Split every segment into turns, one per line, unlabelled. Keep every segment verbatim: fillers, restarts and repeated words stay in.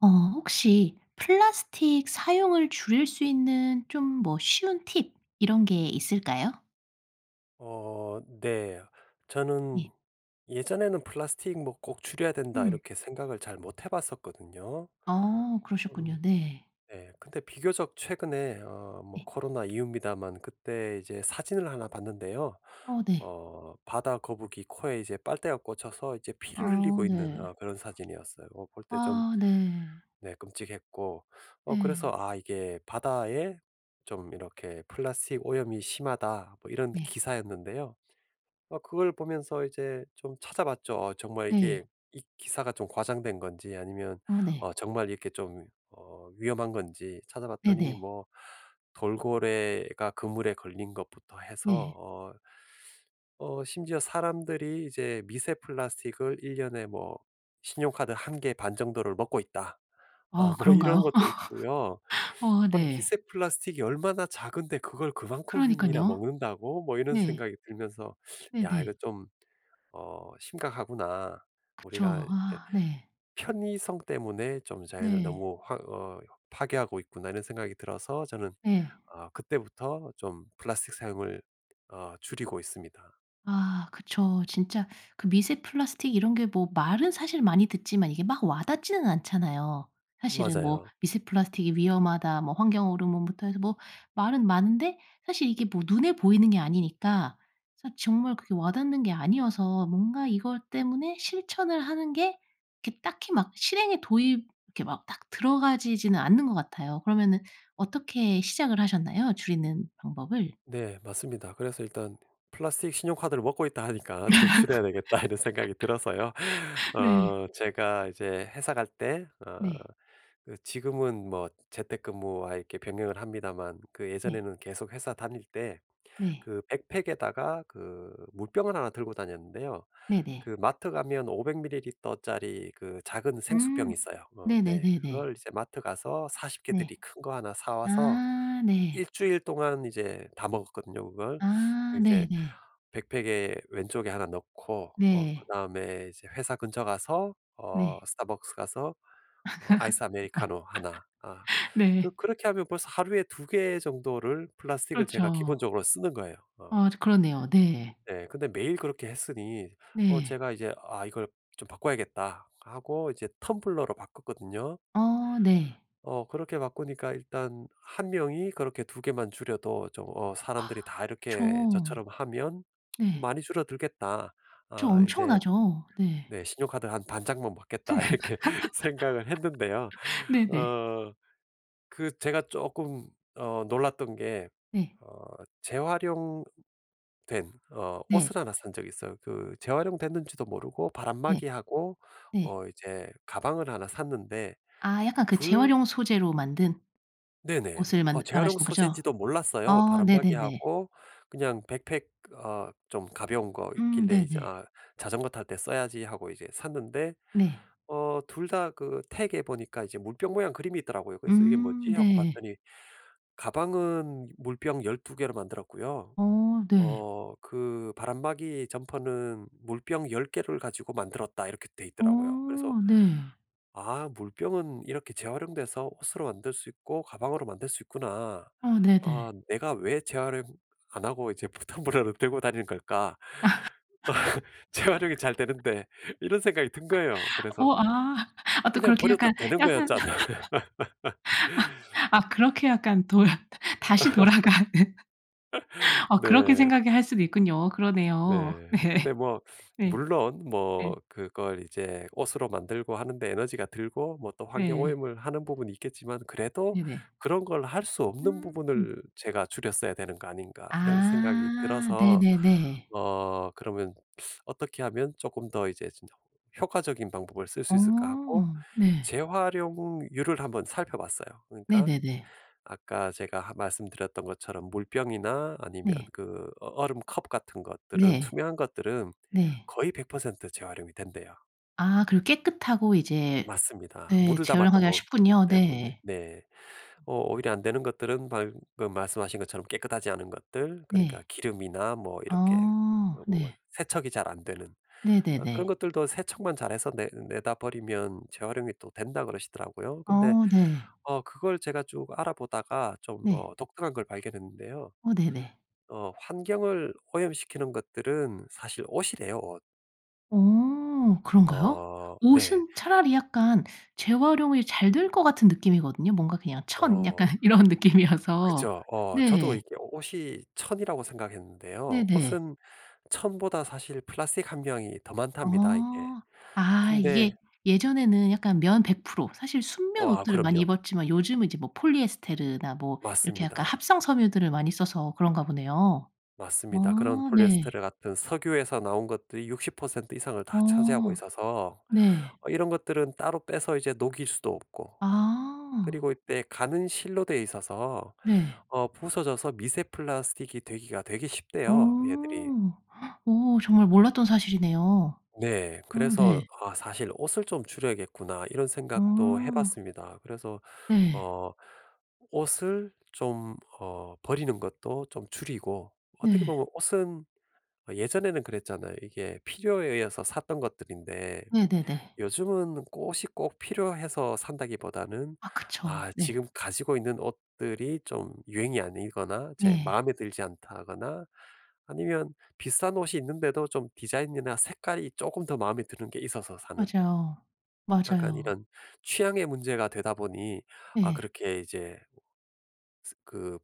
어 혹시 플라스틱 사용을 줄일 수 있는 좀 뭐 쉬운 팁 이런 게 있을까요?
어 네 저는
예.
예전에는 플라스틱 뭐 '꼭 줄여야 된다.'
음.
이렇게 생각을 잘 못 해 봤었거든요.
어
음
그러셨군요 네.
네 근데 비교적 최근에 어 뭐
예.
코로나 이후입니다만 그때 이제 사진을 하나 봤는데요.
어 네.
어 바다거북이 코에 이제 빨대가 꽂혀서 이제 피를
아
흘리고 있는
네.
어 그런 사진이었어요. 뭐 볼 때 좀
아 네.
네 끔찍했고 어 그래서
네.
아 이게 바다에 좀 이렇게 '플라스틱 오염이 심하다.' 뭐 이런
네.
기사였는데요. 어 그걸 보면서 이제 좀 찾아봤죠. 어 정말 이게
네.
이 기사가 좀 과장된 건지 아니면
아 네.
어 정말 이렇게 좀 어 위험한 건지 찾아봤더니
네네.
뭐 돌고래가 그물에 걸린 것부터 해서
네.
어 어 심지어 사람들이 이제 미세 플라스틱을 일 년에 뭐 '신용카드 한 개 반 정도를 먹고 있다.' 아
아
뭐 이런
그런가요
것도 있고요.
어
아
네.
'미세 플라스틱이 얼마나 작은데 그걸 그만큼이나
그러니까요.
먹는다고?' 뭐 이런
네.
생각이 들면서 '야 이거
네네.
좀 어 심각하구나. 우리가
그쵸 아 네.
편의성 때문에 좀 자연을
네.
너무 확 어 파괴하고 있구나.' 이런 생각이 들어서 저는
네.
어 그때부터 좀 플라스틱 사용을 어 줄이고 있습니다.
아 그쵸. 진짜 그 미세 플라스틱 이런 게 뭐 말은 사실 많이 듣지만 이게 막 와 닿지는 않잖아요. 사실은 뭐
맞아요.
"미세 플라스틱이 위험하다." 뭐 환경 호르몬부터 해서 뭐 말은 많은데 사실 이게 뭐 눈에 보이는 게 아니니까 사실 정말 그게 와 닿는 게 아니어서 뭔가 이것 때문에 실천을 하는 게 이게 딱히 막 실행에 도입 이렇게 막 딱 들어가지지는 않는 것 같아요. 그러면은 어떻게 시작을 하셨나요 줄이는 방법을?
네 맞습니다. 그래서 일단 플라스틱 신용카드를 먹고 있다 하니까 '좀 줄여야 되겠다.' 이런 생각이 들어서요.
네.
어 제가 이제 회사 갈 때 어
네.
지금은 뭐 재택근무와 이렇게 병행을 합니다만 그
네.
예전에는 계속 회사 다닐 때
네.
그 백팩에다가 그 물병을 하나 들고 다녔는데요.
네네.
그 마트 가면 오백 밀리리터짜리 그 작은 생수병이
음
있어요. 어
네네
네
네네.
그걸 이제 마트 가서 사십
네.
개들이 큰 거 하나 사 와서
아
일
네.
주일 동안 이제 다 먹었거든요 그걸.
아 네
이제
네.
백팩에 왼쪽에 하나 넣고 어
네.
그다음에 이제 회사 근처 가서 어
네.
Starbucks 가서 어 아이스아메리카노 하나 아 그
네.
그렇게 하면 벌써 하루에 두 개 정도를 플라스틱을 제가
그렇죠.
기본적으로 쓰는 거예요 어.
아 진 그러네요 네.
네 근데 매일 그렇게 했으니 어
네.
제가 이제 '아 이걸 좀 바꿔야겠다.' 하고 이제 텀블러로 바꿨거든요.
어 네.
어 그렇게 바꾸니까 일단 한 명이 그렇게 두 개만 줄여도 좀 어 사람들이 다 이렇게
그쵸.
저처럼 하면
네.
'많이 줄어들겠다.'
그쵸
아 이제
엄청나죠 네.
네 '신용카드 한 반 장만 먹겠다.' 이렇게 생각을 했는데요.
네네.
어 그 제가 쪼끔 어 놀랐던 게
네.
어 재활용 된 어
네.
옷을 하나 산 적이 있어요. 그 재활용됐는지도 모르고
네
바람막이하고
네.
어 이제 가방을 하나 샀는데
아 약간 그
둘
재활용 소재로 만든
네네
옷을
어
만든
재활용
말하시는 거죠?
소재인지도 몰랐어요.
아 네네네.
바람막이하고 그냥 백팩 어 좀 가벼운 거
음
있길래 이제
네네.
'아 자전거 탈 때 써야지.' 하고 이제 샀는데
네.
어 둘 다 그 태그에 보니까 이제 물병 모양 그림이 있더라고요. 그래서 '이게
음
뭐지.' 하고
네.
봤더니 '가방은 물병 열두 개로 만들었고요.
어 네.
어 그 바람막이 점퍼는 물병 열 개를 가지고 만들었다.' 이렇게 돼 있더라고요. 그래서
어 네.
'아 물병은 이렇게 재활용돼서 옷으로 만들 수 있고 가방으로 만들 수 있구나.
어
아
네네.
'내가 왜 재활용 안 하고 이제 불편 텀블러를 들고 다니는 걸까? 재활용이 잘 되는데.' 이런 생각이 든 거예요. 그래서
어 아 아 또
그냥
그렇게
버려도
약간
되는
약간
거였잖아
아 그렇게 약간 돌아 다시 돌아가는 아 그렇게
네.
생각을 할 수도 있군요 그러네요.
네.
네
근데 뭐
네
물론 뭐
네.
그걸 이제 옷으로 만들고 하는 데 에너지가 들고 뭐 또 환경
네.
오염을 하는 부분이 있겠지만 그래도
네네.
'그런 걸 할 수 없는
음.
부분을 제가 줄였어야 되는 거 아닌가.' 이런 생각이
아
들어서
네네네.
어 그러면 어떻게 하면 쪼끔 더 이제 '진짜 효과적인 방법을 쓸
어
수 있을까?' 하고
네.
재활용률을 한번 살펴봤어요. 그러니까
네네네.
아까 제가 하 말씀드렸던 것처럼 물병이나 아니면
네.
그 어 얼음 컵 같은 것들은
네
투명한 것들은
네.
거의 백 퍼센트 재활용이 된대요.
아 그리고 깨끗하고 이제
맞습니다.
예
물을 담았던
재활용하기가
거기
쉽군요
때문에
네. 음.
네 어 오히려 안 되는 것들은 방금 말씀하신 것처럼 깨끗하지 않은 것들 그러니까
네.
기름이나 뭐 이렇게 어
아
뭐 어
네.
세척이 잘 안 되는 어 그런
네네네.
것들도 세척만 잘 해서 내 내다 버리면 재활용이 또 된다 그러시더라고요. 근데
어 네.
어 그걸 제가 쭉 알아 보다가 좀
네.
어 독특한 걸 발견했는데요.
어 네네.
어 환경을 오염시키는 것들은 사실 옷이래요 옷.
어 그런가요?
어 네.
옷은 차라리 약간 재활용이 잘 될 것 같은 느낌이거든요. 뭔가 그냥 천
어.
약간 이런 느낌이어서.
그죠. 어 저도
네.
이게 옷이 천이라고 생각했는데요.
네네.
옷은 천보다 사실 플라스틱 함량이 더 많답니다 이게.
어. 아 이게
근데
예전에는 약간 면 백 프로 사실 순면
와
옷들을 많이
그럼요.
입었지만 요즘은 이제 뭐 폴리에스테르나 뭐 이렇게 약간
맞습니다.
합성 섬유들을 많이 써서 그런가 보네요.
맞습니다. 그런
아 네.
폴리에스테르 같은 석유에서 나온 것들이 육십 퍼센트 이상을 다 차지하고
어
있어서
네.
어 이런 것들은 따로 빼서 이제 녹일 수도 없고 그리고
아.
이때 가는 실로 돼 있어서
네.
어 부서져서 미세 플라스틱이 되기가 되게
어.
쉽대요 얘들이.
어 정말 몰랐던 사실이네요.
네.
어
그래서
네.
'아 사실 옷을 좀 줄여야겠구나.' 이런 생각도
아.
해봤습니다. 그래서
네.
어 옷을 좀 어 버리는 것도 좀 줄이고 어떻게
네.
보면 옷은 어 예전에는 그랬잖아요. 이게 필요에 의해서 샀던 것들인데
네네네.
요즘은 꼭 옷이 꼭 필요해서 산다기보다는
아 그쵸.
아
네.
지금 가지고 있는 옷들이 좀 유행이 아니거나 제
네.
마음에 들지 않다거나 아니면 비슷한 옷이 있는데도 좀 디자인이나 색깔이 쪼금 더 마음에 드는 게 있어서 사는
맞아요,
약간
맞아요.
이런 취향의 문제가 되다 보니 아
예.
그렇게 이제 스 그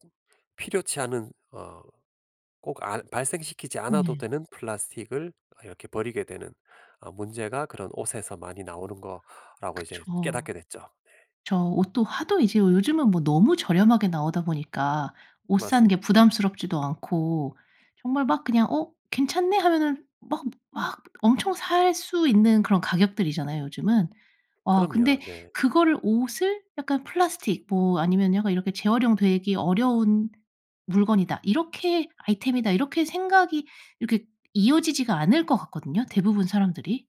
필요치 않은 어 꼭 알 발생시키지 않아도
예.
되는 플라스틱을 이렇게 버리게 되는 어 문제가 그런 옷에서 많이 나오는 거라고 이제
그쵸.
깨닫게 됐죠 네.
저 옷도 하도 이제 요즘은 뭐 너무 저렴하게 나오다 보니까 옷 사는 게
맞습니다.
부담스럽지도 않고 정말 막 그냥 '어 괜찮네.' 하면은 막 막 엄청 살 수 있는 그런 가격들이잖아요 요즘은. 아
그럼요.
근데
네.
그거를 옷을 약간 플라스틱 뭐 아니면 약간 이렇게 '재활용 되기 어려운 물건이다.' 이렇게 '아이템이다.' 이렇게 생각이 이렇게 이어지지가 않을 것 같거든요 대부분 사람들이.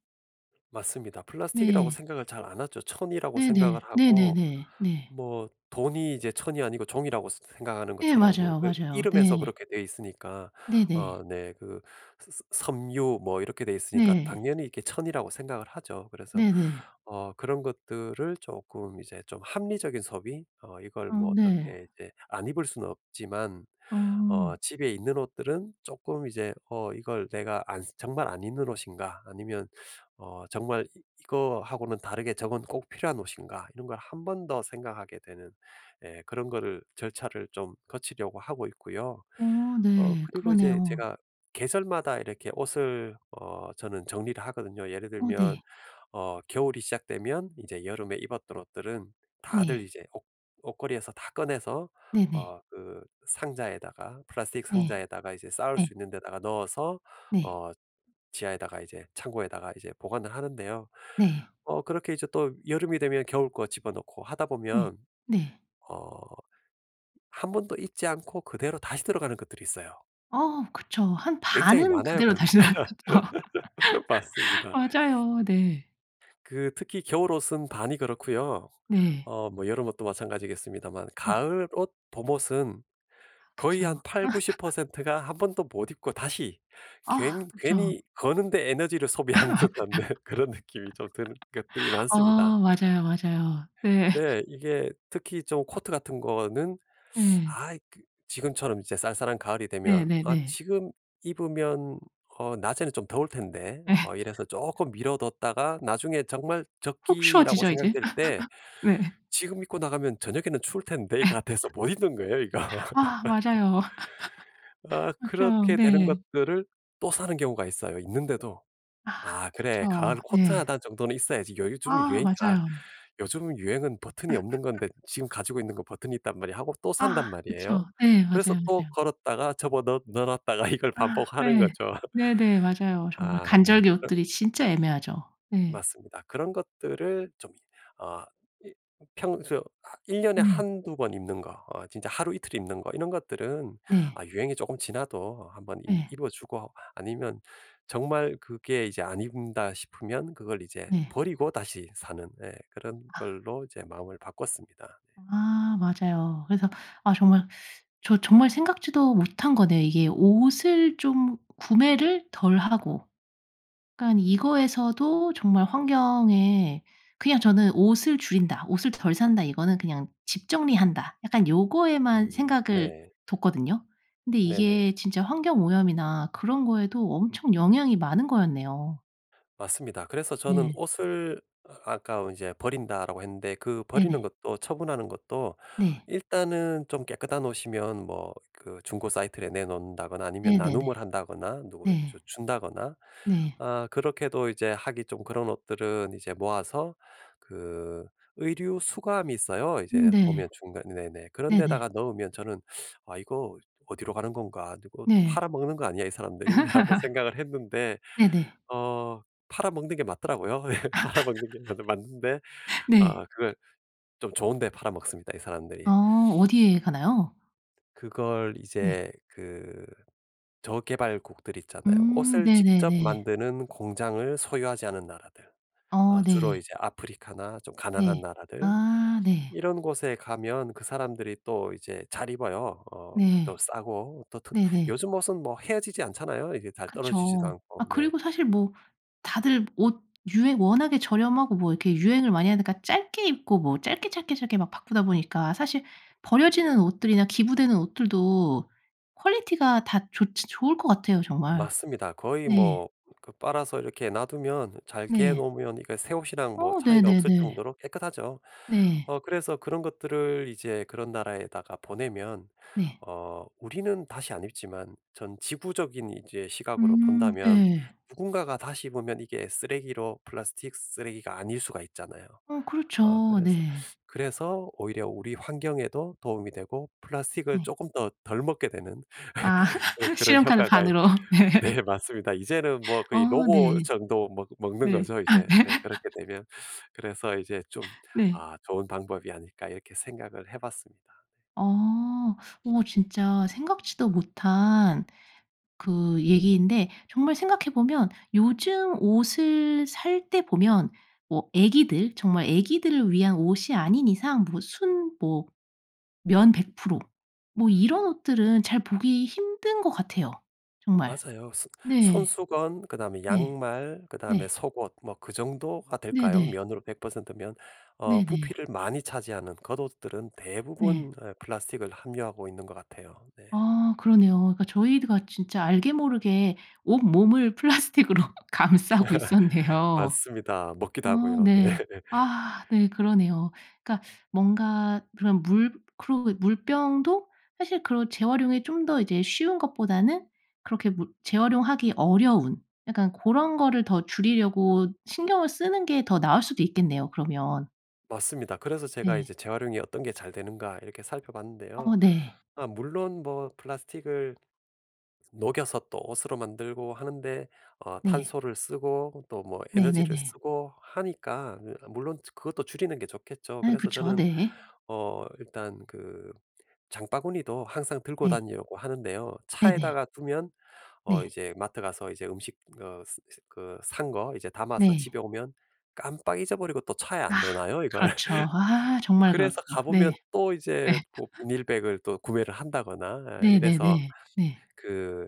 맞습니다. 플라스틱이라고
네.
생각을 잘 안 하죠. 천이라고 생각을
네네.
하고
네네네. 네.
뭐 돈이 이제 천이 아니고 종이라고 스 생각하는
네
것처럼.
맞아요,
왜
맞아요.
이름에서
네.
그렇게 돼 있으니까
네네.
어 네 그 ㅅ 서 섬유 뭐 이렇게 돼 있으니까
네.
당연히 이게 천이라고 생각을 하죠. 그래서
네네.
어 그런 것들을 쪼끔 이제 좀 합리적인 소비 어 이걸
아
뭐
네.
어떻게 이제 안 입을 수는 없지만
음.
어 집에 있는 옷들은 쪼끔 이제 어 '이걸 내가 안 정말 안 입는 옷인가?' 아니면 어 '정말 이 이거 하고는 다르게 저건 꼭 필요한 옷인가?' 이런 걸 한 번 더 생각하게 되는 예 그런 거를 절차를 좀 거치려고 하고 있고요.
어
어
네.
그리고 이제
그러네요.
제가 계절마다 이렇게 옷을 어 저는 정리를 하거든요. 예를
어
들면
네.
어 겨울이 시작되면 이제 여름에 입었던 옷들은 다들
네.
이제 옷 옷걸이에서 다 꺼내서
네네.
어 그 상자에다가 플라스틱
네.
상자에다가 이제 쌓을
네.
수 있는 데다가 넣어서
네.
어 지하에다가 이제 창고에다가 이제 보관을 하는데요.
네.
어 그렇게 이제 또 여름이 되면 겨울 거 집어 넣고 하다
네.
보면
네.
어 한 번도 입지 않고 그대로 다시 들어가는 것들이 있어요.
어 그쵸. 한
굉장히
반은
많아요,
그대로
그런 거.
다시 나왔겠죠.
맞습니다.
맞아요. 네.
그 특히 겨울 옷은 반이 그렇고요.
네.
어 뭐 여름 옷도 마찬가지겠습니다만
음.
가을 옷, 봄 옷은 거의
그쵸.
한 팔구십 퍼센트 가 한 번도 못 입고 다시
아
괜
그죠.
괜히 거는 데 에너지를 소비하는 듯한 네 그런 느낌이 좀 드는 것들이 많습니다.
어 맞아요, 맞아요. 네.
네. 이게 특히 좀 코트 같은 거는
네.
아 이 그 지금처럼 이제 쌀쌀한 가을이 되면 '아
네네네.
지금 입으면 어 낮에는 좀 더울 텐데.'
예.
어 이래서 쪼끔 미뤄 뒀다가 나중에 정말
훅
적기라고
추워지죠, 이제?
생각될 때
네.
'지금 입고 나가면 저녁에는 추울 텐데.'가 돼서 못 입는 거예요, 이거.
아 맞아요.
아
맞죠.
그렇게 되는
네.
것들을 또 사는 경우가 있어요 있는데도.
아
'아 그래 가을
그쵸.
코트
네.
하나 정도는 있어야지. 요즘
아
유행이 아
맞아요.
요즘 유행은 버튼이 없는 건데 지금 가지고 있는 건 버튼이 있단 말이야.' 하고 또
아
산단
그쵸.
말이에요.
네.
그래서
맞아요,
또
맞아요.
걸었다가 접어 넣 넣어 놨다가 이걸
아
반복하는
네.
거죠.
네네. 맞아요 정말.
아 네.
간절기
그
옷들이 진짜 애매하죠. 네.
맞습니다. 그런 것들을 좀 어 이 평소 아 일 년에
음.
한두 번 입는 거 어 진짜 하루 이틀 입는 거 이런 것들은
네.
아 유행이 조금 지나도 한번 임
네.
입어 주고 아니면 정말 그게 이제 '안 입는다.' 싶으면 그걸 이제
네.
버리고 다시 사는 예 그런
아.
걸로 이제 마음을 바꿨습니다. 네.
아 맞아요. 그래서 아 정말 저 정말 생각지도 못한 거네요. 이게 옷을 좀 구매를 덜 하고. 약간 이거에서도 정말 환경에 그냥 저는 '옷을 줄인다. 옷을 덜 산다.' 이거는 그냥 '집 정리한다.' 약간 요거에만
음
생각을
네.
뒀거든요. 근데
네네.
이게 진짜 환경 오염이나 그런 거에도 엄청 영향이 많은 거였네요.
맞습니다. 그래서 저는
네.
옷을 아까 이제 "버린다."라고 했는데 그 버리는
네네.
것도 처분하는 것도
네.
일단은 좀 깨끗한 옷이면 뭐 그 중고 사이트에 내놓는다거나 아니면
네네네.
나눔을 한다거나 누굴 주
네.
준다거나
네.
아 그렇게도 이제 하기 좀 그런 옷들은 이제 모아서 그 의류 수거함이 있어요.
음
이제 보면
네.
중간 네네 그런
네네.
데다가 넣으면 저는 '아 이거 어디로 가는 건가? 이거 또
네.
팔아먹는 거 아니야 이 사람들이?' 라고 생각을 했는데
네네.
어 팔아먹는 게 맞더라고요. 예 팔아먹는 게 맞는 맞는데 아
네.
그걸 좀 좋은 데 팔아먹습니다 이
어
사람들이.
어디에 가나요?
그걸
네.
이제 그 저개발국들 있잖아요.
음
옷을 직접
네네네.
만드는 공장을 소유하지 않은 나라들.
어
어 주로
네.
이제 아프리카나 좀
네.
가난한 나라들.
아 네.
이런 곳에 가면 그 사람들이 또 이제 잘 입어요. 어 또
네.
싸고 또 트
네네.
요즘 옷은 뭐 헤어지지 않잖아요? 이게 잘 떨어지지도
그쵸. 아
않고 네.
그리고 사실 뭐 다들 옷 유행 워낙에 저렴하고 뭐 이렇게 유행을 많이 하니까 짧게 입고 뭐 짧게, 짧게, 짧게 막 바꾸다 보니까 사실 버려지는 옷들이나 기부되는 옷들도 퀄리티가 다 좋지 좋을 것 같아요 정말.
맞습니다. 거의
네.
뭐 그 빨아서 이렇게 놔 두면 잘 개
네.
놓으면 이게 새 옷이랑 뭐
어
차이가 없을
네네네.
정도로 깨끗하죠.
네.
어 그래서 그런 것들을 이제 그런 나라에다가 보내면
네.
어 우리는 다시 안 입지만 전 지구적인 이제 시각으로
음
본다면
예.
누군가가 다시 입으면 이게 쓰레기로 플라스틱 쓰레기가 아닐 수가 있잖아요.
어
어
그렇죠.
그래서,
네.
그래서 오히려 우리 환경에도 도움이 되고 플라스틱을
네.
쪼금 더 덜 먹게 되는
아
그런
신용카드
효과가
반으로 네.
네 맞습니다. 이제는 뭐 거의
어
로고
네.
정도 먹 먹는
네.
거죠 이제 네 그렇게 되면. 그래서 이제 좀
네.
'아 좋은 방법이 아닐까.' 이렇게 생각을 해봤습니다.
어. 어 진짜 생각지도 못한 그 얘기인데 정말 생각해 보면 요즘 옷을 살 때 보면 뭐 애기들 정말 애기들을 위한 옷이 아닌 이상 뭐 순 뭐 면 백 프로 뭐 이런 옷들은 잘 보기 힘든 것 같아요 정말.
맞아요. 소
네.
손수건 그다음에
네.
양말 그다음에
네.
속옷 뭐 그 정도가 될까요?
네네.
면으로 백 퍼센트 면. 어
네네.
부피를 많이 차지하는 겉옷들은
네.
대부분 어 플라스틱을 함유하고 있는 것 같아요. 네.
아 그러네요. 그러니까 저희가 진짜 알게 모르게 온몸을 플라스틱으로 감싸고 있었네요.
맞습니다. 먹기도
아
하고요. 네.
네. 아 네 그러네요. 그러니까 뭔가 그런 물 그리고 물병도 사실 그런 재활용이 좀 더 이제 쉬운 것보다는 그렇게 물 재활용하기 어려운 약간 고런 거를 더 줄이려고 신경을 쓰는 게 더 나을 수도 있겠네요 그러면.
맞습니다. 그래서 제가
네.
이제 재활용이 어떤 게 잘 되는가 이렇게 살펴봤는데요.
어 네.
아 물론 뭐 플라스틱을 녹여서 또 옷으로 만들고 하는데 어
네.
탄소를 쓰고 또 뭐 에너지를
네네네.
쓰고 하니까 이 물론 이제 그것도 줄이는 게 좋겠죠.
아
그래서
그쵸.
저는
네.
어 일단 그 장바구니도 항상 들고
네.
다니려고 하는데요.
네네.
차에다가 두면 어
네.
이제 마트 가서 이제 음식 어 스 스 그 산 거 이제 담아서
네.
집에 오면 깜빡 잊어버리고 또 차에
아
안 넣어 놔요, 이걸.
그렇죠. 아 정말 그렇죠.
그래서 가
네.
보면 또
예.
이제 뭐 비닐백을 또 구매를 한다거나 아 이래서
네네네. 네.
그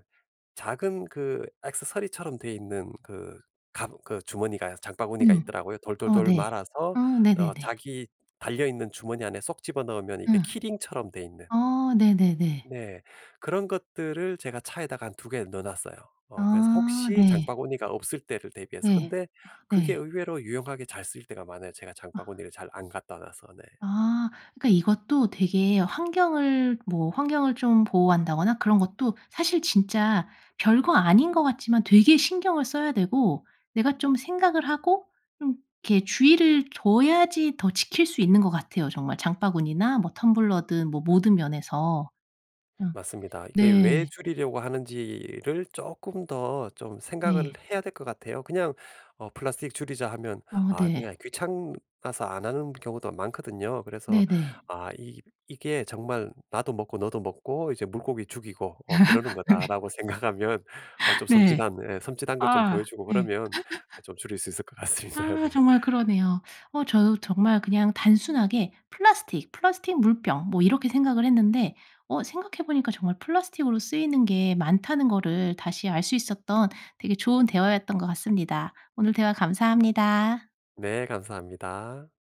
작은 그 액세서리처럼 되어 있는 그 갑 그 주머니가 장바구니가
음
있더라고요.
어
돌돌돌
네.
말아서
어
어
네네네.
자기 달려 있는 주머니 안에 쏙 집어넣으면 이게
음.
키링처럼 되어 있는.
아 네네네.
네. 그런 것들을 제가 차에다가 한 두 개 넣어 놨어요. 어 그래서
아
혹시
네.
장바구니가 없을 때를 대비해서.
네.
근데
아
그게
네.
의외로 유용하게 잘 쓰일 때가 많아요. 제가
아.
장바구니를 잘 안 갖다 놔서 네.
아 그러니까 이것도 되게 환경을 뭐 환경을 좀 보호한다거나 그런 것도 사실 진짜 별거 아닌 것 같지만 되게 신경을 써야 되고 내가 좀 생각을 하고 좀 이렇게 주의를 줘야지 더 지킬 수 있는 것 같아요 정말. 장바구니나 뭐 텀블러든 뭐 모든 면에서. 아
맞습니다. 이게 왜
네.
줄이려고 하는지를 쪼끔 더 좀 생각을
네.
해야 될 것 같아요. 그냥 어 플라스틱 줄이자 하면
어
아
네.
그냥 귀찮아서 안 하는 경우도 많거든요. 그래서
네네.
아 이 이게 정말 '나도 먹고 너도 먹고 이제 물고기 죽이고 어 그러는 거다.'라고 생각하면 아 좀
네. 네.
섬찟한 예 섬찟한 걸 좀 보여
아
주고
네.
그러면 좀 줄일 수 있을 것 같습니다. 네.
아 정말 그러네요. 어 저도 정말 그냥 단순하게 플라스틱, 플라스틱 물병 뭐 이렇게 생각을 했는데 어 생각해 보니까 정말 플라스틱으로 쓰이는 게 많다는 거를 다시 알 수 있었던 되게 좋은 대화였던 것 같습니다. 오늘 대화 감사합니다.
네, 감사합니다.